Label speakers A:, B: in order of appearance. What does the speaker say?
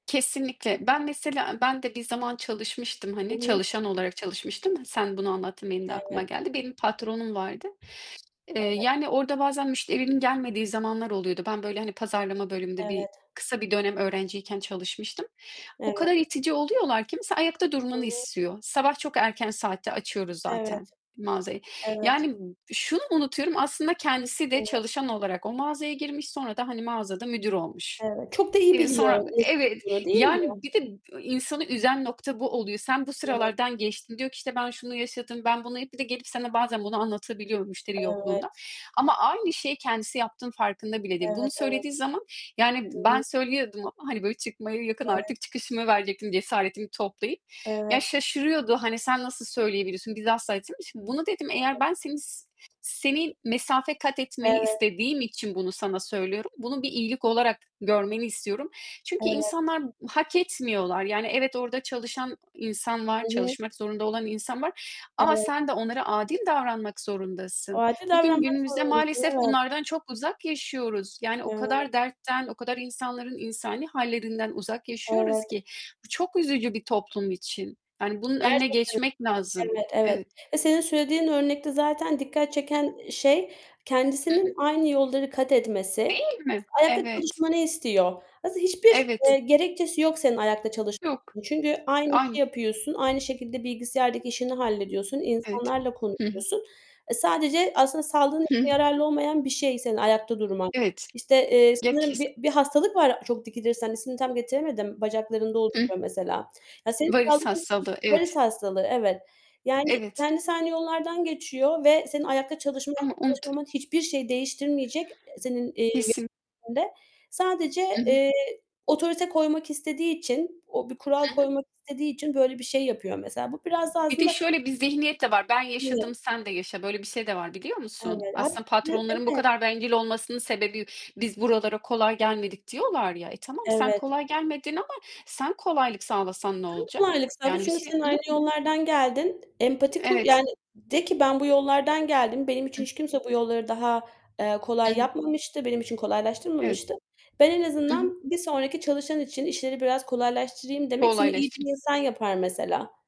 A: Kesinlikle. Ben mesela eee, ben de bir zaman çalışmıştım,
B: Hı
A: hani
B: hı.
A: çalışan olarak çalışmıştım. Sen bunu anlattın, benim de aklıma
B: Evet.
A: geldi. Benim patronum vardı. Eee,
B: Evet.
A: yani, orada bazen müşterinin gelmediği zamanlar oluyordu. Ben, böyle, hani, pazarlama bölümünde bir
B: Evet.
A: kısa bir dönem öğrenciyken çalışmıştım. O
B: Evet.
A: kadar itici oluyorlar ki mesela ayakta
B: Hı
A: durmanı
B: hı.
A: istiyor. Sabah çok erken saatte açıyoruz zaten
B: Evet,
A: mağazayı.
B: evet.
A: Yani, b şunu unutuyorum, aslında kendisi de
B: [unintelligible]
A: çalışan olarak o mağazaya girmiş, sonra da, hani, mağazada müdür olmuş.
B: Evet. Çok da iyi
A: Eee,
B: biliyor,
A: sonra b Evet,
B: nasıl, [unintelligible] değil mi?
A: yani, bir de b insanı üzen nokta bu oluyor. Sen bu
B: Evet.
A: sıralardan geçtin. Diyor ki, işte, "Ben şunu yaşadım, ben bunu" hep bir de gelip sana bazen bunu anlatabiliyor müşteri yokluğunda
B: Evet.
A: ama aynı şeyi kendisi yaptığının farkında bile değil. Bunu
B: Evet, evet.
A: söylediği zaman, yani
B: Hı hı.
A: ben söylüyordum ama, hani, böyle, çıkmaya yakın,
B: Evet.
A: artık çıkışımı verecektim cesaretimi toplayıp. Ya,
B: Evet.
A: şaşırıyordu, hani, sen nasıl söyleyebiliyorsun. Biz asla [unintelligible] Şimdi bunu dedim eğer
B: Evet.
A: ben senin s senin mesafe kat etmeni
B: Evet.
A: istediğim için bunu sana söylüyorum, bunu bir iyilik olarak görmeni istiyorum çünkü
B: Evet.
A: insanlar hak etmiyorlar. Yani evet, orada çalışan insan var,
B: I hı.
A: çalışmak zorunda olan insan var ama
B: Evet.
A: sen de onlara adil davranmak zorundasın.
B: Acil
A: Bugün
B: davranmak
A: günümüzde
B: zorundasın, değil
A: maalesef
B: mi?
A: bunlardan çok uzak yaşıyoruz. Yani o
B: Evet.
A: kadar dertten, o kadar insanların insani hâllerinden uzak yaşıyoruz
B: Evet.
A: ki bu çok üzücü bir toplum için. Yani bunun önüne
B: Gerçekten mi?
A: geçmek lazım.
B: Evet, evet
A: Evet.
B: ya, senin söylediğin örnekte zaten dikkat çeken,
A: [unintelligible]
B: ııı, şey
A: Hı hı.
B: kendisinin aynı yolları katetmesi
A: Değil mi?
B: [unintelligible] ayakta
A: Evet.
B: çalışmanı istiyor. Aslında hiçbir,
A: Evet.
B: eee, gerekçesi yok senin ayakta
A: Yok.
B: çalışmanın çünkü aynı işi
A: Aynı.
B: yapıyorsun, aynı şekilde bilgisayardaki işini hallediyorsun,
A: Evet.
B: insanlarla
A: Hı hı.
B: konuşuyorsun. E, sadece aslında sağlığın için
A: Hıh.
B: yararlı olmayan bir şey senin ayakta durman.
A: Evet.
B: İşte, eee,
A: Ya,
B: sanırım
A: kes
B: bir bir hastalık var çok dikilirsen, ismini tam getiremedim, bacaklarında
A: Hı.
B: oluşuyor mesela. Ya, senin
A: Varis
B: sağlığın için
A: hastalığı,
B: Varis
A: evet.
B: hastalığı, evet. Yani
A: Evet.
B: kendisi aynı yollardan geçiyor ve senin ayakta çalışman
A: Ama
B: ya da
A: unut
B: çalışmaman hiçbir şeyi değiştirmeyecek, e, senin, eee.
A: Kesin.
B: [unintelligible] Sadece,
A: I hı.
B: eee, otorite koymak istediği için, o bir kural
A: Hı hı.
B: koymak istediği için böyle bir şey yapıyor mesela. Bu biraz da
A: Bir de
B: aslında
A: şöyle bir zihniyet de var: Ben yaşadım,
B: [unintelligible]
A: sen de yaşa. Böyle bir şey de var biliyor musun?
B: Evet.
A: Aslında
B: [unintelligible]
A: patronların bu
B: Evet!
A: kadar bencil olmasının sebebi biz buralara kolay gelmedik diyorlar ya. E, tamam sen
B: Evet.
A: kolay gelmedin ama sen kolaylık sağlasan ne
B: Sen
A: olacak?
B: kolaylık sağla,
A: Yani, bir
B: çünkü
A: şey
B: sen
A: ne
B: aynı
A: ol
B: yollardan geldin. Empati kur
A: Evet.
B: yani, de ki ben bu yollardan geldim, benim için
A: Hıh.
B: hiç kimse bu yolları daha, eee,
A: Hı
B: kolay
A: hı.
B: yapmamıştı, benim için
A: Evet.
B: kolaylaştırmamıştı. Ben en
A: Hı hı.
B: azından bir sonraki çalışan için işleri biraz kolaylaştırayım demek seni iyi
A: Kolaylaştım.
B: bir insan yapar mesela.